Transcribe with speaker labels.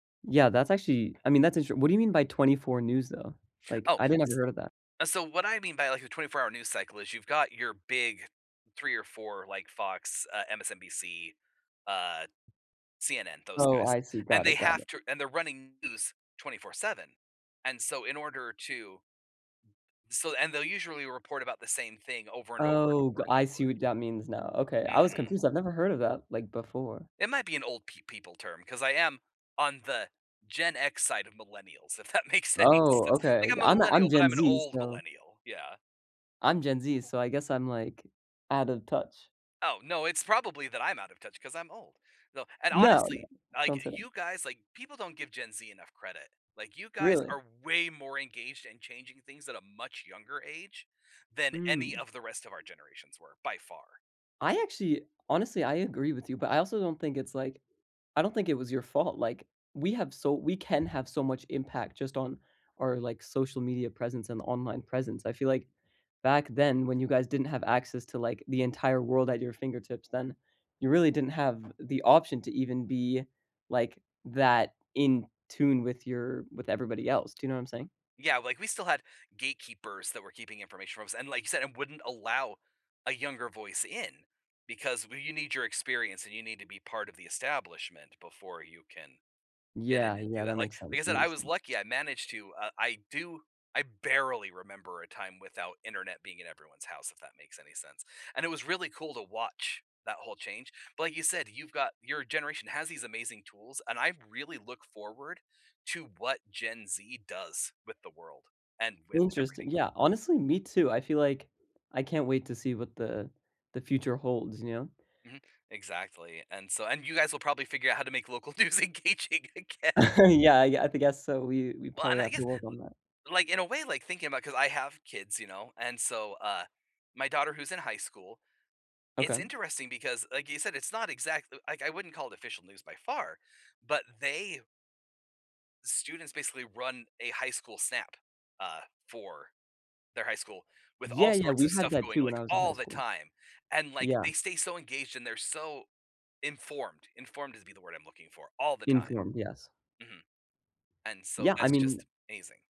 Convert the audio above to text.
Speaker 1: Yeah, that's actually I mean, that's interesti what do you mean by 24 news, though? Like,
Speaker 2: Oh,
Speaker 1: I didn't never heard of that.
Speaker 2: s so, what I mean by like a twenty-four-hour news cycle is you've got your big 3 or 4 like Fox, uh, MSNBC, uh, CNN, those
Speaker 1: Oh,
Speaker 2: guys,
Speaker 1: I see,
Speaker 2: and
Speaker 1: got
Speaker 2: they
Speaker 1: it, got
Speaker 2: have
Speaker 1: it.
Speaker 2: to and they're running news 24/7, and so, in order to So and they'll usually report about the same thing over and over and
Speaker 1: Oh,
Speaker 2: over
Speaker 1: go
Speaker 2: and
Speaker 1: I
Speaker 2: over
Speaker 1: see
Speaker 2: again.
Speaker 1: what that means now, okay, I was
Speaker 2: Mhm.
Speaker 1: confused, I've never heard of that, like, before.
Speaker 2: It might be an old pe people term, 'cause I am on the Gen X side of millennials, if that makes any
Speaker 1: Oh
Speaker 2: sense,
Speaker 1: okay,
Speaker 2: like, I'm a
Speaker 1: I'm
Speaker 2: millennial,
Speaker 1: I'm
Speaker 2: but
Speaker 1: Gen
Speaker 2: I'm an
Speaker 1: Z,
Speaker 2: old
Speaker 1: so
Speaker 2: millennial, yeah.
Speaker 1: I'm Gen Z so, I guess I'm like, out of touch.
Speaker 2: Oh no, it's probably that I'm out of touch 'cause I'm old, no, and
Speaker 1: No, no,
Speaker 2: honestly, like,
Speaker 1: don't say that.
Speaker 2: you guys like, people don't give Gen Z enough credit, like, you guys
Speaker 1: Really?
Speaker 2: are way more engaged in changing things at a much younger age than any
Speaker 1: Hmm.
Speaker 2: of the rest of our generations were by far.
Speaker 1: I actually honestly, I agree with you, but I also don't think it's, like, I don't think it was your fault, like, we have so we can have so much impact just on our, like, social media presence and online presence, I feel like back then when you guys didn't have access to, like, the entire world at your fingertips, then you really didn't have the option to even be, like, that in tune with your with everybody else do you know what I'm saying?
Speaker 2: Yeah, like, we still had gatekeepers that were keeping information from us, and like you said, it wouldn't allow a younger voice in because we you need your experience and you need to be part of the establishment before you can get
Speaker 1: Yeah,
Speaker 2: in and do
Speaker 1: yeah, that
Speaker 2: that, like
Speaker 1: makes
Speaker 2: like
Speaker 1: sense,
Speaker 2: I
Speaker 1: that
Speaker 2: said, I
Speaker 1: makes
Speaker 2: was
Speaker 1: sense.
Speaker 2: lucky I managed to, uh, I do I barely remember a time without Internet being in everyone's house if that makes any sense, and it was really cool to watch that whole change, but like you said, you've got your generation has these amazing tools and I really look forward to what Gen Z does with the world and with
Speaker 1: Interesting,
Speaker 2: everything going
Speaker 1: yeah honestly, me too, I feel like, I can't wait to see what the the future holds, you know?
Speaker 2: Mhm, exactly, and so and you guys will probably figure out how to make local news engaging again.
Speaker 1: Yeah, I I guess so we we
Speaker 2: Well and
Speaker 1: probably
Speaker 2: I
Speaker 1: have to
Speaker 2: guess
Speaker 1: work on that.
Speaker 2: l like, in a way like thinking about 'cause I have kids, you know, and so uh, my daughter who's in high school it's
Speaker 1: Okay.
Speaker 2: interesting because like you said it's not exactly like, I wouldn't call it official news by far, but they Students basically run a high school Snap, uh, for their high school with all
Speaker 1: Yeah, yeah,
Speaker 2: sorts
Speaker 1: we
Speaker 2: of
Speaker 1: had
Speaker 2: stuff
Speaker 1: that
Speaker 2: going,
Speaker 1: too when
Speaker 2: like,
Speaker 1: I was in high
Speaker 2: all the
Speaker 1: school.
Speaker 2: time, and, like,
Speaker 1: Yeah.
Speaker 2: they stay so, engaged and they're so, informed, informed is be the word I'm looking for, all the time,
Speaker 1: Informed, yes.
Speaker 2: mhm, and so,
Speaker 1: Yeah, I
Speaker 2: that's
Speaker 1: mean
Speaker 2: just amazing.